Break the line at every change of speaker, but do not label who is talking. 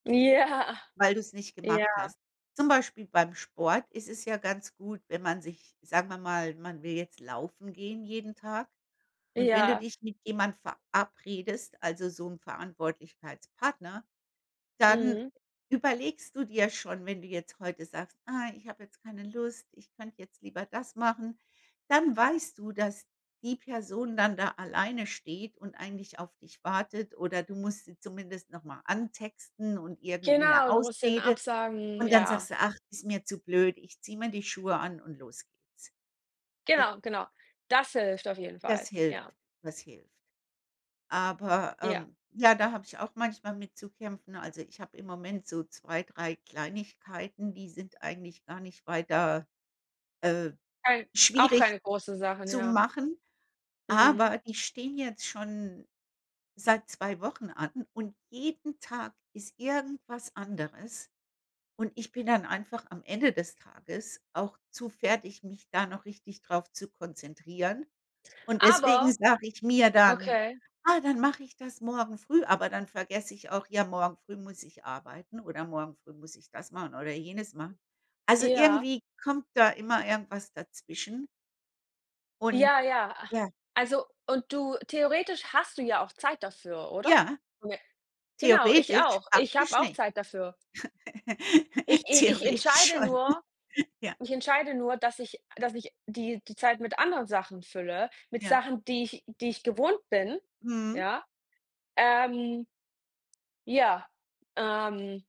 Ja.
Weil du's nicht gemacht
ja.
hast. Zum Beispiel beim Sport ist es ja ganz gut, wenn man sich sagen wir mal, man will jetzt laufen gehen jeden Tag. Und wenn du
Ja.
dich mit jemand verabredest, also so 'n Verantwortlichkeitspartner, dann
Mhm.
überlegst du dir schon, wenn du jetzt heute sagst: „Ah, ich habe jetzt keine Lust, ich könnte jetzt lieber das machen“, dann weißt du, dass die Person dann da alleine steht und eigentlich auf dich wartet oder du musst sie zumindest noch mal antexten und irgendwie 'ne
Genau, du musst denen
Ausrede
absagen,
Und dann
ja.
sagst du: „Ach, ist mir zu blöd. Ich ziehe mir die Schuhe an und los geht's. Ich“
Genau, genau. Das hilft auf jeden
Das
Fall,
hilft,
ja.
das hilft. Aber,
Ja.
ähm, ja, da habe ich auch manchmal mit zu kämpfen. Also ich habe im Moment so 2, 3 Kleinigkeiten, die sind eigentlich gar nicht weiter, äh,
Weil auch
schwierig
keine große Sachen,
zu
ja.
machen.
Mhm.
Aber die stehen jetzt schon seit 2 Wochen an und jeden Tag ist irgendwas anderes. Und ich bin dann einfach am Ende des Tages auch zu fertig, mich da noch richtig drauf zu konzentrieren. Und deswegen
Aber
sage ich mir dann:
okay.
„Ah, dann mache ich das morgen früh.“ Aber dann vergesse ich auch: Ja, morgen früh muss ich arbeiten oder morgen früh muss ich das machen oder jenes machen. Also
Ja.
irgendwie kommt da immer irgendwas dazwischen. Und
Ja, ja, a
ja.
also und du theoretisch hast du ja auch Zeit dafür, oder?
Ja.
[unintelligible] Genau, ich
Theoretisch,
auch. Ich
praktisch
habe auch
nicht.
Zeit dafür. Ich i ich
Theoretisch
entscheide
schon.
nur
Ja.
ich entscheide nur, dass ich dass ich, die die Zeit mit anderen Sachen fülle, mit
Ja.
Sachen, die ich die ich gewohnt bin,
Mhm.
ja, ähm ja, ähm.